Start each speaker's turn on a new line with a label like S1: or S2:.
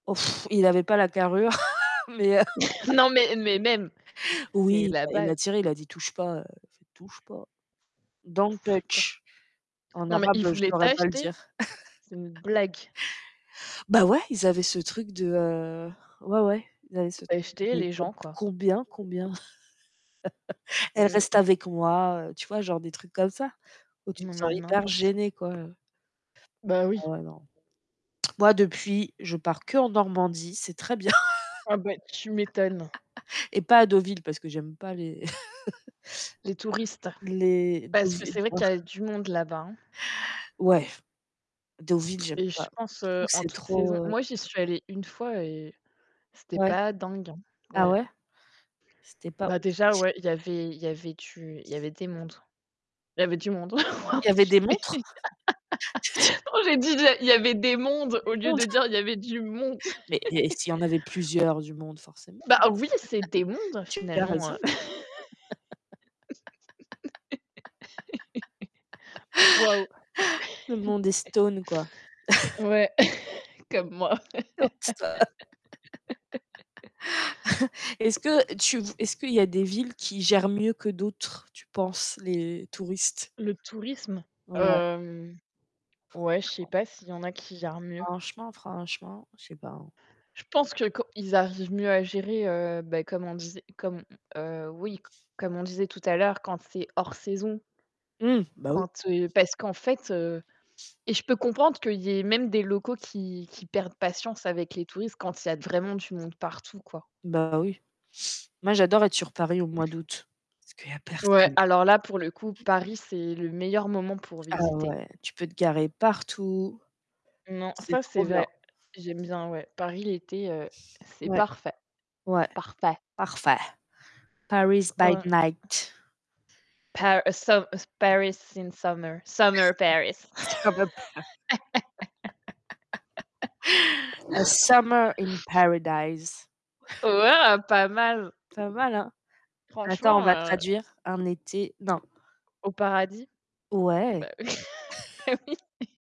S1: Oh il avait pas la carrure, mais heu
S2: Non mais mais même, c'est
S1: oui,
S2: la
S1: bah il
S2: base.
S1: a tiré, il a dit: «Touche pas». Heu, il a fait «Touche pas.» «Don't
S2: Pas.
S1: touch». En
S2: Non mais
S1: arabe,
S2: il
S1: heu, je
S2: voulait
S1: pourrais pas le
S2: t'acheter?
S1: dire.
S2: C'est une blague.
S1: Bah ouais, ils avaient ce truc de heu ouais ouais, ils avaient ce truc de:
S2: Acheter les
S1: [unintelligible]
S2: gens quoi.
S1: «Combien combien?
S2: Mmh
S1: Elle reste
S2: mh. Mmh.
S1: avec moi». heu, tu vois genre des trucs comme ça, où tu
S2: Non
S1: te sens
S2: mais
S1: hyper
S2: n'importe
S1: gêné quoi heu
S2: Bah oui.
S1: Ah ouais, non. Moi depuis, je pars qu'en Normandie, c'est très bien.
S2: Ah bah tu m'étonnes.
S1: Et pas à Deauville, parce que j'aime pas les
S2: Les touristes.
S1: les
S2: Parce que c'est vrai
S1: Deauvillois
S2: qu'il y a du monde là-bas, hein.
S1: ouais, Deauville j'aime
S2: Et je
S1: pas,
S2: pense
S1: je
S2: heu,
S1: trouve que
S2: en
S1: c'est
S2: toutes
S1: trop,
S2: saisons
S1: heu
S2: moi j'y suis allée 1 fois et c'était
S1: Ouais.
S2: pas dingue hein
S1: Ah
S2: ouais.
S1: ouais? C'était pas
S2: Bah déjà
S1: oufissi
S2: ouais, il y avait il y avait du il y avait des mondes il y avait du monde.
S1: Il y avait des montres?
S2: Non
S1: [unintelligible]
S2: j'ai dit: «il y a il y avait des mondes.»
S1: Des
S2: au lieu de
S1: montres.
S2: dire: «Il y avait du monde».
S1: Mais il y a et s'il y en avait plusieurs du monde forcément.
S2: Bah oui, c'est des mondes,
S1: Tu as
S2: finalement
S1: raison!
S2: heu waouh.
S1: Le monde est stone, quoi.
S2: Ouais, comme moi.
S1: [unintelligible] e est-ce que tu est-ce qu'il y a des villes qui gèrent mieux que d'autres, tu penses, les touristes?
S2: Le tourisme?
S1: Ouais.
S2: Hem ouais, je sais
S1: Franchement,
S2: pas s'il y en a qui gère mieux.
S1: franchement franchement, je sais pas, hein.
S2: Je pense que quand ils arrivent mieux à gérer heu, bah comme on disait, comme heu, oui, comme on disait tout à l'heure, quand c'est hors saison
S1: Mmh, bah oui.
S2: quand, heu parce qu'en fait heu et je peux comprendre qu'il y ait même des locaux qui qui perdent patience avec les touristes quand il y a vraiment du monde partout, quoi.
S1: Bah oui. Moi, j'adore être sur Paris au mois d'août, parce qu'il y a
S2: Ouais,
S1: personne.
S2: alors là, pour le coup, Paris, c'est le meilleur moment pour
S1: Ah
S2: visiter.
S1: ouais, tu peux te garer partout.
S2: Non,
S1: C'est
S2: ça, c'est
S1: trop bien.
S2: vrai. J'aime bien ouais. Paris l'été heu, c'est
S1: Ouais,
S2: parfait.
S1: ouais,
S2: Parfait.
S1: parfait. Paris
S2: O
S1: by
S2: ouais.
S1: night.
S2: Paris some
S1: [unintelligible]
S2: Paris in summer Summer Paris.
S1: A summer in paradise.
S2: Wa waouh, pas mal!
S1: Ça va là? Attends,
S2: Franchement,
S1: on va
S2: heu
S1: traduire: «un été» non.
S2: Au paradis. B
S1: Ouais!
S2: bah oui bah oui